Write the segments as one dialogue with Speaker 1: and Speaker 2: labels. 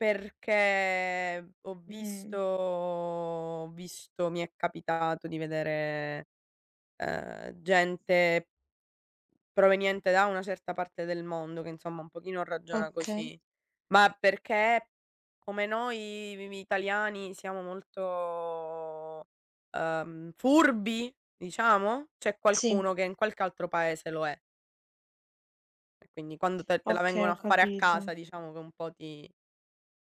Speaker 1: Perché ho visto
Speaker 2: Mh.
Speaker 1: ho visto mi è capitato di vedere, uhm, gente proveniente da una certa parte del mondo che insomma un pochino ragiona
Speaker 2: Okay.
Speaker 1: così. Ma perché come noi mi mi italiani siamo molto, uhm, furbi, diciamo? C'è
Speaker 2: Sì.
Speaker 1: qualcuno che in qualche altro paese lo è. E quindi quando te te la
Speaker 2: Okay,
Speaker 1: vengono
Speaker 2: ho
Speaker 1: a fare a casa
Speaker 2: capito.
Speaker 1: diciamo che un po' ti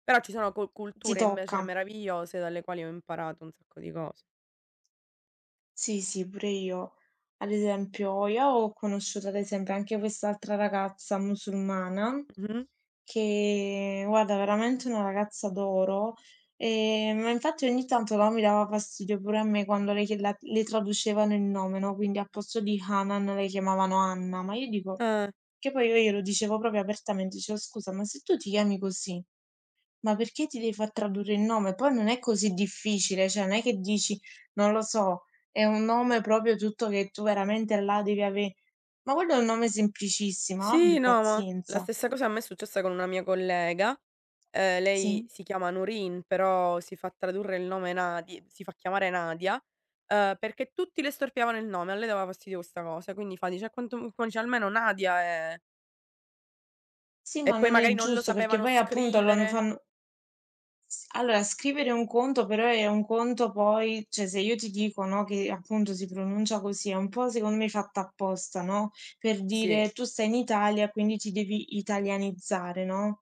Speaker 1: però, ci sono cul
Speaker 2: Ti
Speaker 1: culture invece
Speaker 2: tocca.
Speaker 1: meravigliose dalle quali ho imparato un sacco di cose.
Speaker 2: Sì, sì, pure io. Ad esempio, io ho conosciuto, ad esempio, anche quest'altra ragazza musulmana
Speaker 1: Mh-mh.
Speaker 2: che guarda veramente una ragazza d'oro, e ma infatti ogni tanto, no, mi dava fastidio pure a me quando lei chiede la le traducevano il nome, no, quindi al posto di Hanan la chiamavano Anna, ma io dico
Speaker 1: Eh.
Speaker 2: che poi io glielo dicevo proprio apertamente, dicevo: "Scusa, ma se tu ti chiami così, ma perché ti devi far tradurre il nome?" Poi non è così difficile, cioè non è che dici, non lo so, è un nome proprio tutto che tu veramente là devi ave ma quello è un nome semplicissimo,
Speaker 1: Sì,
Speaker 2: abbi
Speaker 1: no, ma la
Speaker 2: pazienza.
Speaker 1: stessa cosa a me è successa con una mia collega, uhm, lei
Speaker 2: Sì.
Speaker 1: si chiama Nurine, però si fa tradurre il nome Nadi si fa chiamare Nadia, uhm, perché tutti le storpiavano il nome, a lei dava fastidio questa cosa. Quindi fa dice: "A quanto m" fa dice: "Almeno Nadia è"
Speaker 2: Sì,
Speaker 1: E
Speaker 2: ma
Speaker 1: poi
Speaker 2: non
Speaker 1: magari
Speaker 2: è
Speaker 1: non lo
Speaker 2: giusto, perché
Speaker 1: sapevano
Speaker 2: poi appunto loro
Speaker 1: scrivere.
Speaker 2: fanno S allora, scrivere un conto però è un conto poi cioè, se io ti dico, no, che appunto si pronuncia così, un po' secondo me fatto apposta, no, per
Speaker 1: Sì.
Speaker 2: dire: "Tu stai in Italia quindi ti devi italianizzare." no.